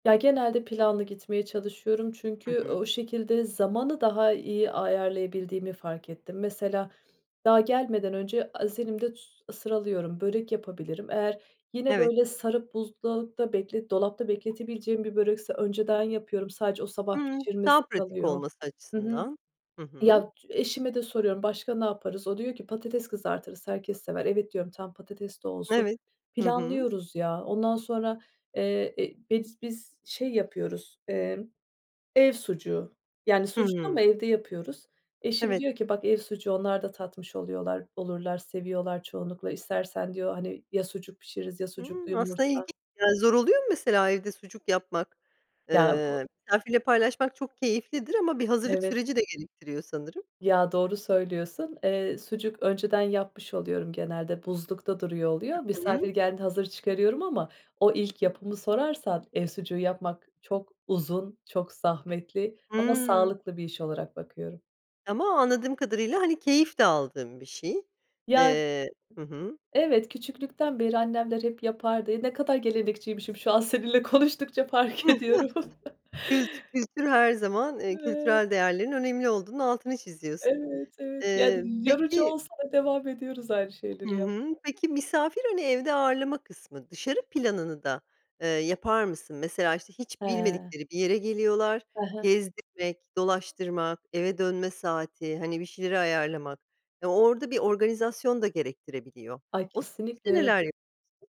Ya, genelde planlı gitmeye çalışıyorum Hı çünkü hı. o şekilde zamanı daha iyi ayarlayabildiğimi fark ettim. Mesela, daha gelmeden önce az elimde s sıralıyorum, börek yapabilirim. Eğer yine Evet. böyle sarıp buzdolapta beklet dolapta bekletebileceğim bir börekse önceden yapıyorum. Sadece o sabah Hıı, daha pişirmesi pratik kalıyor. olması Hı hı. açısından. Hı hı. Ya eşime de soruyorum, "Başka ne yaparız?" O diyor ki: "Patates kızartırız, herkes sever," "Evet." diyorum, "Tamam, patates de olsun," Evet. Hı hı. planlıyoruz, ya. Ondan sonra, eee, eee, biz biz, şey, yapıyoruz, eee, ev sucuğu yani sucuk Hıı. ama evde yapıyoruz. Eşim Evet. diyor ki: "Bak ev sucuğu, onlar da tatmış oluyorlar, olurlar, seviyorlar çoğunlukla istersen." diyor, hani, ya sucuk pişiririz ya Hıı sucuklu aslında ilginç. yumurta. Ya, zor oluyor mu mesela, evde sucuk yapmak? Ya, o Iıı, misafirle paylaşmak çok keyiflidir ama bir hazırlık Evet. süreci de gerektiriyor sanırım. Ya, doğru söylüyorsun, eee, sucuk önceden yapmış oluyorum, genelde buzlukta duruyor oluyor, Hı hı. misafir geldiğinde hazır çıkarıyorum ama o ilk yapımı sorarsan, ev sucuğu yapmak çok uzun, çok zahmetli ama Hıı. sağlıklı bir iş olarak bakıyorum. Ama anladığım kadarıyla, hani, keyif de aldığın bir şey. Ya. Eee hı hı. Evet, küçüklükten beri annemler hep yapardı. Eee, ne kadar gelenekçiymişim, şu an seninle konuştukça fark ediyorum. Kült kültür her zaman, eee, [unintelligible] kültürel değerlerin önemli olduğunun altını çiziyorsun. Evet, evet. Eee, Yani, yorucu peki olsa da devam ediyoruz aynı Hı şeyleri hı. yapmaya. Peki, misafir hani, evde ağırlama kısmı. Dışarı planını da, eee, yapar mısın? Mesela, işte, hiç He. bilmedikleri bir yere geliyorlar, He he. gezdirmek, dolaştırmak, eve dönme saati, hani, bir şeyleri ayarlamak. Eee, orada bir organizasyon da gerektirebiliyor. Ay, O süreçte kesinlikle. neler [unintelligible]